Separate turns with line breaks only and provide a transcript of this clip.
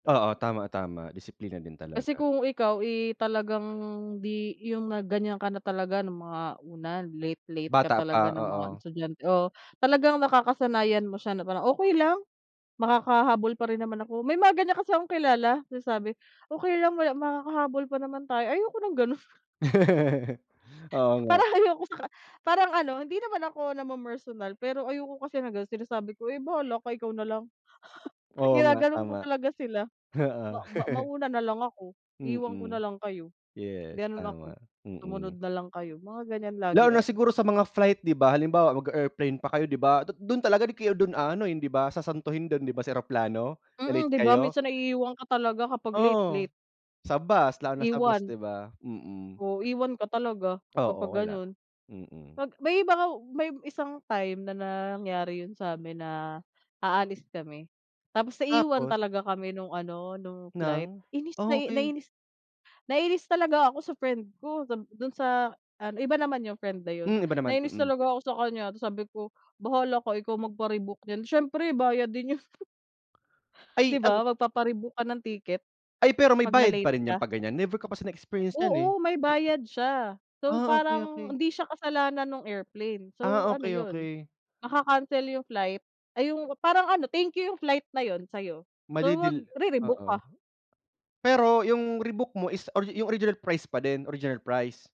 Oo tama, tama disiplina din
Kasi
talaga.
kung ikaw, eh, talagang di yung na gan'yan ka na talaga ng mga una late, late ka
Bata pa,
talaga ng mga
oo.
estudyante o talagang nakakasanayan mo siya na parang, "Okey lang makakahabol pa rin naman ako," may mga gan'yan kasi akong kilala sinasabi, "Okey lang wala makakahabol pa naman tayo," ayoko ng gano'n.
Oo, nga.
Parang ayoko saka parang ano, hindi naman ako namemersonal pero ayoko kasi ng gano'n sinasabi ko, "Eh, bahala ka, ikaw na lang."
Oo, nga
Ginaganon ko
tama,
talaga sila,
oo.
"Ma ma mauuna nalang ako, iwan ko
Mm,
nalang kayo."
yes
Ganon ako,
tama,
"Sumunod
mm.
nalang kayo," mga gany'an lagi
Lalo na
ako.
siguro sa mga flight, di ba? Halimbawa mag-a-airplane pa kayo, di ba? Du dun talaga kayo dun ano, hindi di ba sasantuhin dun di ba, sa eroplano na
Mm,
late
di ba
kayo.
minsan naiiwan ka talaga kapag late,
Oo,
late.
sa bus lalo na sa bus
Iwan.
di ba? Mm.
O iwan ka talaga kapag
Oo, wala,
gano'n.
mm.
Pag may iba nga may isang time na nangyari 'yon sa'min na aalis kami tapos naiwan
Tapos?
talaga kami nung ano, nung flight
Ng?
inis na
Oh, okey.
nainis talaga ako sa friend ko, sab- dun sa ano, iba naman yung friend na 'yon.
Hmm, iba naman,
Nainis
mm.
talaga ako sa kanya tapos sabi ko, "Bahala ka ikaw magpa-rebook niyan," siyempre bayad din 'yon.
Ay
Di
ang
ba, magpapa-rebook ka ng ticket
Ay, pero may
pag
bayad pa
na-late
rin 'yan
ka.
pag gan'yan? Never ko pa kasi na-experience 'yan, eh.
Oo, may bayad siya. So,
Ah, okey,
parang
okey.
hindi siya kasalanan nung airplane, so
Ah,
ano
okey,
'yon,
okey.
maka-cancel yung flight ay yung parang ano, thank you yung flight na yun sa'yo, so
Madidil
magre-rebook
oo,
ka.
pero yung rebook mo is or yung original price pa din, original price?